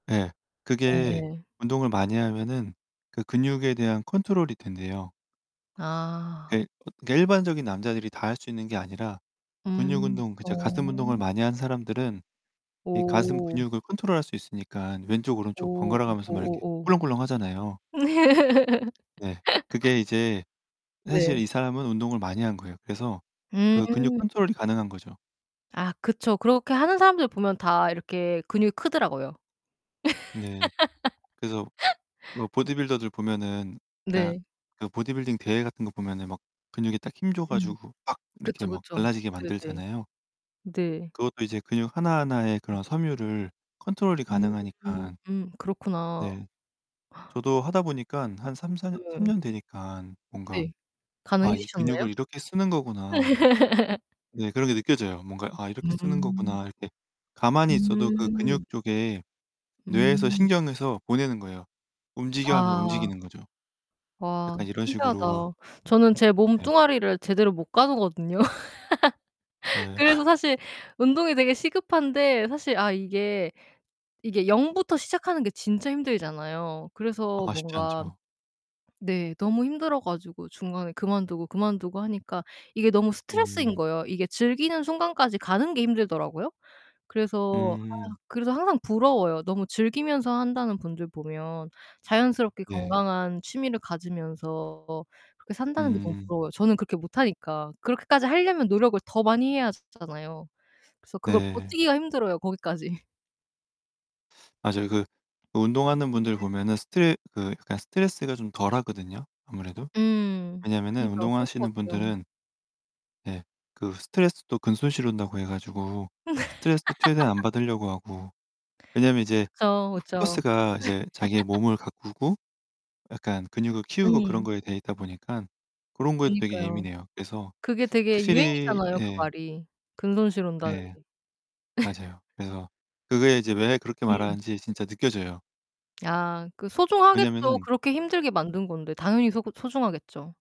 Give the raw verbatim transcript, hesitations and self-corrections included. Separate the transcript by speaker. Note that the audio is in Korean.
Speaker 1: 예. 그게
Speaker 2: 예예.
Speaker 1: 운동을 많이 하면은 그 근육에 대한 컨트롤이 된대요.
Speaker 2: 아.
Speaker 1: 예. 어 그 일반적인 남자들이 다 할 수 있는 게 아니라 근육
Speaker 2: 음.
Speaker 1: 운동 그
Speaker 2: 어.
Speaker 1: 이제 가슴 운동을 많이 하는 사람들은 이 가슴
Speaker 2: 오.
Speaker 1: 근육을 컨트롤할 수 있으니까 왼쪽 오른쪽
Speaker 2: 오.
Speaker 1: 번갈아 가면서 막 이렇게
Speaker 2: 오오오.
Speaker 1: 꿀렁꿀렁 하잖아요. 네. 그게 이제 사실
Speaker 2: 네.
Speaker 1: 이 사람은 운동을 많이 한 거예요. 그래서 그 근육
Speaker 2: 음.
Speaker 1: 컨트롤이 가능한 거죠.
Speaker 2: 아 그쵸. 그렇게 하는 사람들 보면 다 이렇게 근육이 크더라고요.
Speaker 1: 네. 그래서 로 보디빌더들 보면은 그냥
Speaker 2: 네.
Speaker 1: 그 보디빌딩 대회 같은 거 보면은 막 근육에 딱 힘 줘
Speaker 2: 음.
Speaker 1: 가지고 막 이렇게
Speaker 2: 그쵸,
Speaker 1: 막
Speaker 2: 그쵸.
Speaker 1: 갈라지게
Speaker 2: 네네.
Speaker 1: 만들잖아요.
Speaker 2: 네.
Speaker 1: 그것도 이제 근육 하나하나의 그런 섬유를 컨트롤이
Speaker 2: 음 음
Speaker 1: 가능하니까
Speaker 2: 음. 그렇구나.
Speaker 1: 네 저도 하다 보니깐 한 삼사 년 삼
Speaker 2: 예.
Speaker 1: 년 되니깐 뭔가
Speaker 2: 네.
Speaker 1: '아 이
Speaker 2: 가능해지셨나요?
Speaker 1: 근육을 이렇게 쓰는 거구나.' 네 그런 게 느껴져요. 뭔가 '아 이렇게 쓰는
Speaker 2: 음.
Speaker 1: 거구나.' 이렇게 가만히 있어도 그
Speaker 2: 음.
Speaker 1: 근육 쪽에 뇌에서
Speaker 2: 음.
Speaker 1: 신경에서 보내는 거예요. "움직여." 하면서
Speaker 2: 아.
Speaker 1: 움직이는 거죠.
Speaker 2: 와
Speaker 1: 약간 이런
Speaker 2: 신기하다.
Speaker 1: 식으로
Speaker 2: 저는 제
Speaker 1: 네.
Speaker 2: 몸뚱아리를 제대로 못 가누거든요.
Speaker 1: 예.
Speaker 2: 그래서 사실 운동이 되게 시급한데 사실 아 이게 이게 영 부터 시작하는 게 진짜 힘들잖아요. 그래서
Speaker 1: 아 쉽지
Speaker 2: 뭔가
Speaker 1: 않죠.
Speaker 2: 네. 너무 힘들어 가지고 중간에 그만두고, 그만두고 하니까 이게 너무 스트레스인
Speaker 1: 음.
Speaker 2: 거예요. 이게 즐기는 순간까지 가는 게 힘들더라고요. 그래서 아
Speaker 1: 음.
Speaker 2: 그래서 항상 부러워요. 너무 즐기면서 한다는 분들 보면 자연스럽게
Speaker 1: 네.
Speaker 2: 건강한 취미를 가지면서 그렇게 산다는게 너무
Speaker 1: 음.
Speaker 2: 부러워요, 저는 그렇게 못하니까. 그렇게까지 하려면 노력을 더 많이 해야즈 잖아요. 그래서 그걸
Speaker 1: 네.
Speaker 2: 버티기가 힘들어요, 거기까지.
Speaker 1: 맞아요. 그 운동하는 분들
Speaker 2: 네.
Speaker 1: 보면은 스트 그 약간 스트레스가 좀 덜하거든요, 아무래도.
Speaker 2: 음.
Speaker 1: 왜냐하면은
Speaker 2: 그니까요. 그럴
Speaker 1: 운동하시는
Speaker 2: 것 같아요.
Speaker 1: 분들은 네. 그 스트레스도 근손실 온다고 해 가지고 스트레스 최대한 안 받으려고 하고 왜냐면 이제
Speaker 2: 그쵸, 그쵸.
Speaker 1: 포커스가 이제 자기의 몸을 가꾸고 약간 근육을 키우고 그런
Speaker 2: 음.
Speaker 1: 거에 되있다 보니깐 고런 거에도 되게
Speaker 2: 그니까요.
Speaker 1: 예민해요. 그래서
Speaker 2: 그게 되게
Speaker 1: 확실히
Speaker 2: 유행이잖아요, 그
Speaker 1: 예.
Speaker 2: 말이. 근손실 온다는
Speaker 1: 예.
Speaker 2: 게.
Speaker 1: 맞아요. 그래서 그게 이제 왜 그렇게
Speaker 2: 음.
Speaker 1: 말하는지 진짜 느껴져요.
Speaker 2: 아 그 소중하겠죠.
Speaker 1: 왜냐면은
Speaker 2: 그렇게 힘들게 만든 건데 당연히 소 소중하겠죠.